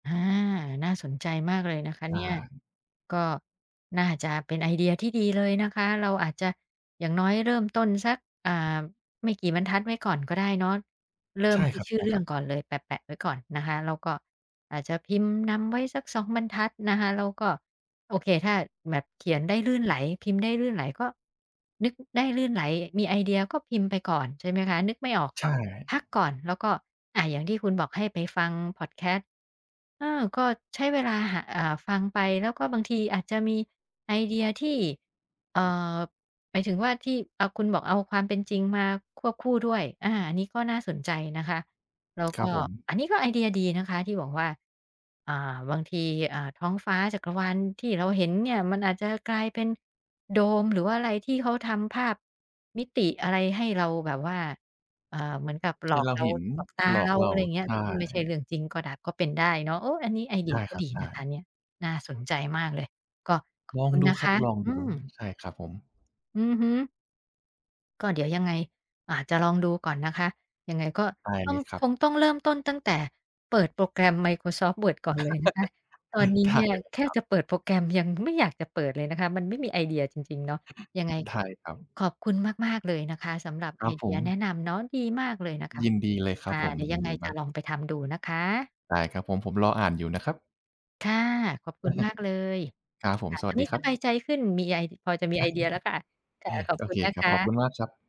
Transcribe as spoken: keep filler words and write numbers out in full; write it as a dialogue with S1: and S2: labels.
S1: อา น่าสนใจมากเลยนะคะเ
S2: อ
S1: นี
S2: า
S1: ่ย ก็น่าจะเป็นไอเดียที่ดีเลยนะคะ เราอาจจะอย่างน้อยเริ่มต้นสัก อ่า ไม่กี่บรรทัดไว้ก่อนก็ได้เนาะ เริ่
S2: ใช
S1: ม
S2: ่
S1: ที
S2: ค
S1: ่
S2: ร
S1: ชื่อเรื่อ
S2: ั
S1: ง
S2: บ ๆ
S1: ก่อนเลย แปะ ๆ ไว้ก่อนนะคะ แล้วก็อาจจะพิมพ์นำไว้สัก สอง บรรทัดนะคะ แล้วก็ โอเค ถ้าแบบเขียนได้ลื่นไหล พิมพ์ได้ลื่นไหลก็ นึกได้ลื่นไหล มีไอเดียก็พิมพ์ไปก่อน ใช่ไหมคะ นึกไม่ออก
S2: ใ
S1: ก
S2: ช
S1: ็
S2: ่
S1: พักก่อนแล้วก็ อ่า อย่างที่คุณบอกให้ไปฟังพอดแคสต์ เออ ก็ใช้เวลาหา อ่า ฟังไปแล้วก็บางทีอาจจะมีไอเดียที่ เอ่อ หมายถึงว่าที่ อ่า คุณบอกเอาความเป็นจริงมาควบคู่ด้วย อา อันนี้ก็น่าสนใจนะคะ แล้ว
S2: ค
S1: ก
S2: รั
S1: ็
S2: บผม
S1: อันนี้ก็ไอเดียดีนะคะที่บอกว่า อ่า บางที อ่า ท้องฟ้าจักรวาลที่เราเห็นเนี่ยมันอาจจะกลายเป็นโดม หรือว่าอะไรที่เขาทำภาพมิติอะไรให้เราแบบว่า เอ่อ เหมือนกับห
S2: ใ
S1: ล
S2: ห้
S1: อก
S2: เรา
S1: เรา
S2: เห็น
S1: หลอกตา
S2: หลอ
S1: เร
S2: ก
S1: า
S2: เร
S1: อ
S2: า
S1: ะไรเงี้
S2: ใ
S1: ย
S2: ช่
S1: ซึ่งไม่ใช่เรื่องจริงก็ได้ ก็เป็นได้เนาะ โอ้! อันนี้ไอเด
S2: ใ
S1: ี
S2: ช
S1: ย
S2: ่
S1: ก็
S2: ครั
S1: ด
S2: บ
S1: ี
S2: ใช
S1: นะคะ
S2: ่
S1: เนี่ย น่าสนใจมากเลย ก็ขอ
S2: ล
S1: บ
S2: อ
S1: ค
S2: ง
S1: ุณ
S2: ดู
S1: นะ
S2: ค
S1: ค
S2: รับ
S1: ะ
S2: ลอง
S1: อื
S2: ดู อ
S1: ม
S2: ือ ใช่ครับผม
S1: อือฮึ ก็เดี๋ยวยังไง อ่า จะลองดูก่อนนะคะ ยังไงก็
S2: ได้
S1: ต้
S2: เ
S1: อ
S2: ล
S1: ง
S2: ยคร
S1: ค
S2: ับ
S1: งต้องเริ่มต้นตั้งแต่เปิดโปรแกรม Microsoft Word ก่อนเลยนะคะ ตอนนี้
S2: ได
S1: เน
S2: ้
S1: ี่ย
S2: เล
S1: แ
S2: ย
S1: ค่
S2: ครับ
S1: จะเปิดโปรแกรมยังไม่อยากจะเปิดเลยนะคะ มันไม่มีไอเดียจริง ๆ เนาะ ยังไง
S2: ได้ครับ
S1: ขอบคุณมาก ๆ เลยนะคะสำหรับ
S2: ค
S1: ไ
S2: ร
S1: อ
S2: ับ
S1: เ
S2: ผ
S1: ดียแนะ
S2: ม
S1: นำเนาะ ดีมากเลยนะคะ
S2: ยินดีเลยค
S1: ค
S2: รับ
S1: ่ะ
S2: ผม
S1: เดี๋ยว
S2: ยิ
S1: ยั
S2: น
S1: งไ
S2: ด
S1: ง
S2: ี
S1: จ
S2: ม
S1: ะ
S2: าก
S1: ลองไปทำดูนะคะ
S2: ได้ ครับผม ผมรออ่านอยู่นะครับ
S1: ค่ะ ขอบคุณ มากเลย
S2: ครับผ
S1: ค
S2: ม
S1: ่ะ
S2: ส
S1: ต
S2: ว
S1: อ
S2: ั
S1: น
S2: ส
S1: น
S2: ด
S1: ี
S2: ี
S1: ้
S2: คร
S1: ส
S2: ั
S1: บาย
S2: บ
S1: ใจขึ้น มีไอ พอจะมี ไอเดียแล้วค่ะ ค่ะ ขอบ
S2: โอ
S1: คุ
S2: เ
S1: ณ
S2: ค
S1: นะ
S2: คร
S1: ค
S2: ับ ขอบคุ
S1: ะ
S2: ณมากครับ